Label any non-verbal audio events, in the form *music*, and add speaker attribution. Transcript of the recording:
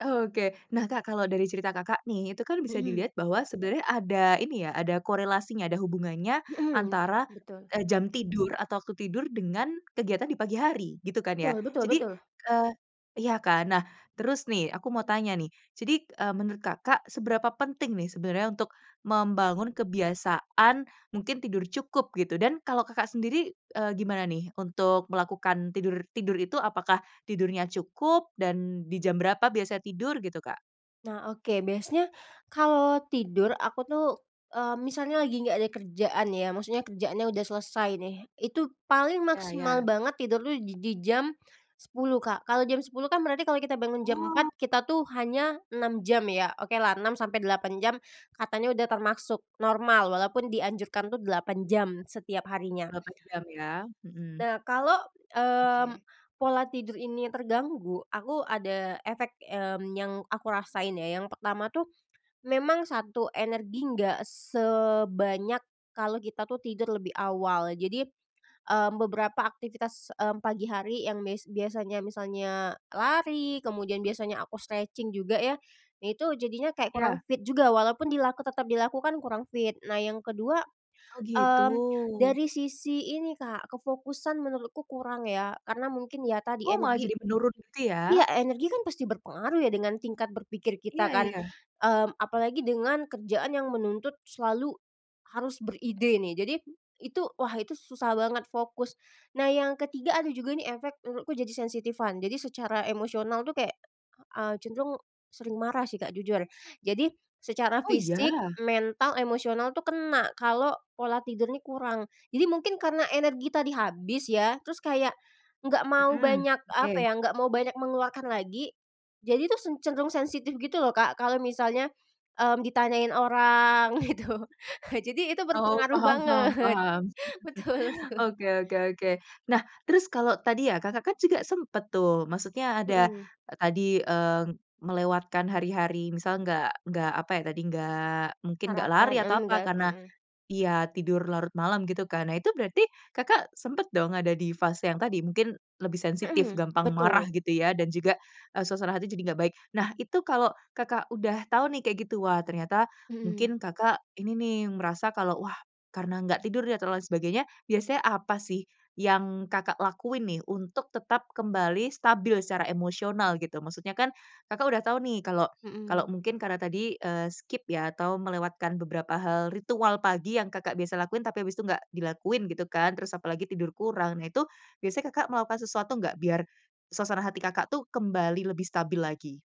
Speaker 1: Oke. Nah Kak kalau dari cerita Kakak nih, itu kan bisa
Speaker 2: Hmm.
Speaker 1: dilihat bahwa sebenarnya ada ini ya, ada korelasinya, ada hubungannya,
Speaker 2: Hmm,
Speaker 1: antara,
Speaker 2: betul.
Speaker 1: eee, jam tidur atau waktu tidur, dengan, kegiatan di pagi hari, gitu kan ya.
Speaker 2: Betul betul
Speaker 1: Jadi,
Speaker 2: betul.
Speaker 1: eee iya kan, nah, terus nih, aku mau
Speaker 2: Mmm.
Speaker 1: tanya nih, jadi, e menurut Kakak, seberapa penting nih sebenarnya untuk membangun kebiasaan mungkin tidur cukup, gitu. Dan kalau Kakak sendiri, eee, gimana nih, untuk melakukan tidur tidur itu, apakah tidurnya cukup, dan, di jam berapa biasanya tidur gitu Kak?
Speaker 2: Nah, oke. Biasanya, kalau tidur aku tuh, eee, misalnya lagi nggak ada kerjaan ya, maksudnya kerjaannya udah selesai nih, itu paling
Speaker 1: Ya
Speaker 2: maksimal
Speaker 1: ya.
Speaker 2: banget tidur tuh di di jam 10 Kak. Kalau jam 10 kan berarti kalau kita bangun jam
Speaker 1: Oh.
Speaker 2: 4, kita tuh hanya 6 jam ya. Oke lah, 6 sampai 8 jam, katanya udah termasuk normal, walaupun dianjurkan tuh 8 jam setiap harinya.
Speaker 1: 8 jam ya, hmm.
Speaker 2: Nah kalau, mmm,
Speaker 1: Oke.
Speaker 2: pola tidur ini terganggu, aku ada efek, mmm, yang aku rasain ya. Yang pertama tuh, memang satu, energi enggak sebanyak kalau kita tuh tidur lebih awal. Jadi, mmm, beberapa aktivitas, mmm, pagi hari yang mes biasanya misalnya lari, kemudian biasanya aku stretching juga ya, itu jadinya kayak kurang
Speaker 1: Ya.
Speaker 2: fit juga walaupun dila tetap dilakukan, kurang fit. Nah, yang kedua,
Speaker 1: Oh gitu.
Speaker 2: mmm, dari sisi ini Kak, kefokusan menurutku kurang ya, karena mungkin ya tadi
Speaker 1: Oh malah
Speaker 2: energi
Speaker 1: jadi menurun gitu ya?
Speaker 2: energi kan pasti berpengaruh ya dengan tingkat berpikir kita
Speaker 1: Iya
Speaker 2: kan.
Speaker 1: iya.
Speaker 2: Mmm, apalagi dengan kerjaan yang menuntut selalu harus beride nih. Jadi, itu, wah itu susah banget fokus. Nah yang ketiga ada juga ini efek menurutku jadi sensitifan. Jadi secara emosional tuh kayak, eee, cenderung sering marah sih Kak, jujur. Jadi, secara
Speaker 1: Oh iya?
Speaker 2: fisik, mental, emosional tuh kena, kalau pola tidur ini kurang. Jadi mungkin karena energi tadi habis ya, terus kayak nggak mau
Speaker 1: Hmm,
Speaker 2: banyak, apa
Speaker 1: oke.
Speaker 2: ya, nggak mau banyak mengeluarkan lagi. Jadi tuh, sen cenderung sensitif gitu loh Kak, kalau misalnya, mmm, ditanyain orang, gitu. *chuckles* Jadi itu
Speaker 1: Oh,
Speaker 2: berpengaruh
Speaker 1: paham paham
Speaker 2: banget
Speaker 1: paham.
Speaker 2: betul
Speaker 1: *chuckles*
Speaker 2: itu.
Speaker 1: Oke oke oke. Nah, terus kalau tadi ya Kak, Kakak kan juga sempat tuh, maksudnya ada,
Speaker 2: Hmm.
Speaker 1: tadi, eee, melewatkan hari-hari misal nggak nggak apa ya tadi, nggak mungkin nggak
Speaker 2: Sarapan?
Speaker 1: lari atau
Speaker 2: Mmm,
Speaker 1: apa,
Speaker 2: nggak,
Speaker 1: karena
Speaker 2: hmm.
Speaker 1: iya, tidur larut malam gitu kan. Nah itu berarti Kakak, sempat dong ada di fase yang tadi, mungkin lebih sensitif,
Speaker 2: Hmm,
Speaker 1: gampang marah
Speaker 2: betul.
Speaker 1: gitu ya, dan juga, e suasana hati jadi enggak baik. Nah itu kalau Kakak udah tahu nih kayak gitu, wah, ternyata,
Speaker 2: Hmm.
Speaker 1: mungkin Kakak ini nih merasa kalau, wah, karena nggak tidur dia ter lain sebagainya, biasanya apa sih, yang Kakak lakuin nih, untuk tetap kembali stabil secara emosional, gitu. Maksudnya kan, Kakak udah tahu nih kalau kalau
Speaker 2: Hmm.
Speaker 1: mungkin karena tadi, eee, skip ya, atau melewatkan beberapa hal ritual pagi yang Kakak biasa lakuin, tapi abis itu nggak dilakuin gitu kan, terus apalagi tidur kurang. Nah itu, biasanya Kakak melakukan sesuatu nggak biar, suasana hati Kakak tuh kembali lebih stabil lagi?